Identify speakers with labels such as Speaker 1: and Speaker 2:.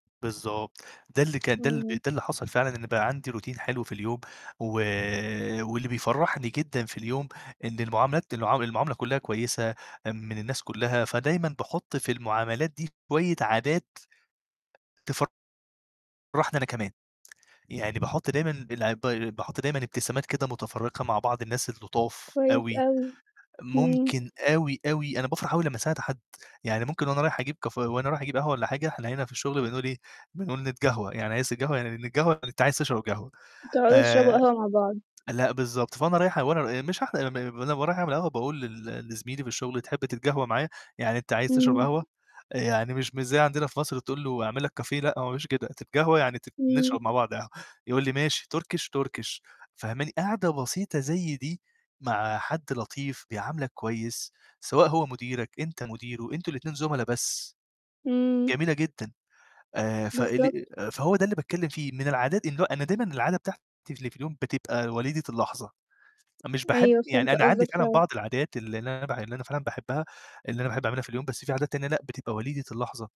Speaker 1: بالضبط، ده اللي كان ده ب
Speaker 2: اهم.
Speaker 1: ده اللي حصل فعلًا إن بقى عندي روتين حلو في اليوم، و واللي بيفرّحني جدًا في اليوم إن المعاملات المعام المعاملة كلّها كويسة، آمم من الناس كلّها فدايمًا باحُط في المعاملات دي شوية عادات تفرحني أنا كمان، يعني باحُط دايمًا بالعب ب باحُط دايمًا ابتسامات كده متفرّقة مع بعض الناس اللطاف
Speaker 2: كويس
Speaker 1: أوي،
Speaker 2: أوي، اهم.
Speaker 1: ممكن أوي، أوي أنا بافرح أوي لمّا أساعد حد، يعني ممكن وأنا رايح أجيب كاف وأنا رايح أجيب قهوة والّا حاجة، إحنا هنا في الشُغل بنقول إيه، بنقول نتقهوه، يعني عايز تتقهوه يعني نتقهوه يعني أنت عايز تشرب قهوة
Speaker 2: بتقعدوا تشربوا
Speaker 1: آآ،
Speaker 2: القهوة مع بعض.
Speaker 1: لأ، بالضبط فأنا رايح وأنا ب مش رايح أعمل ما أنا ورايح أعمل قهوة باقول لل لزميلي في الشُغل "تحب تتقهوى معايا؟" يعني أنت عايز تشرب
Speaker 2: إمم.
Speaker 1: قهوة، آآ يعني مش مش زي عندنا في مصر تقول له أعمل لك cafe لأ، هو ما بيقولش كده تتقهوة يعني تت
Speaker 2: إمم.
Speaker 1: نشرب مع بعض قهوة، يقول لي ماشي Turkish Turkish فاهماني؟ قاعدة بسيطة زي دي مع حد لطيف، بيعاملك كويس، سواء هو مديرك، أنت مديره، أنتم الاتنين زملاء بس،
Speaker 2: إمم.
Speaker 1: جميلة جدًا، آآ، فاللي
Speaker 2: بالضبط.
Speaker 1: آآ، فهو ده اللي باتكلّم فيه إن من العادات إن هو أنا دايمًا العادة بتاعتي اللي في اليوم بتبقى وليدة اللحظة، مش باحب
Speaker 2: أيوه،
Speaker 1: يعني
Speaker 2: فهمت
Speaker 1: أنا عندي
Speaker 2: قصدك
Speaker 1: فعلًا
Speaker 2: فعلًا.
Speaker 1: بعض العادات اللي اللي أنا بح اللي أنا فعلًا باحبّها، اللي أنا باحب أعملها في اليوم بس في عادات تانية لأ، بتبقى وليدة اللحظة.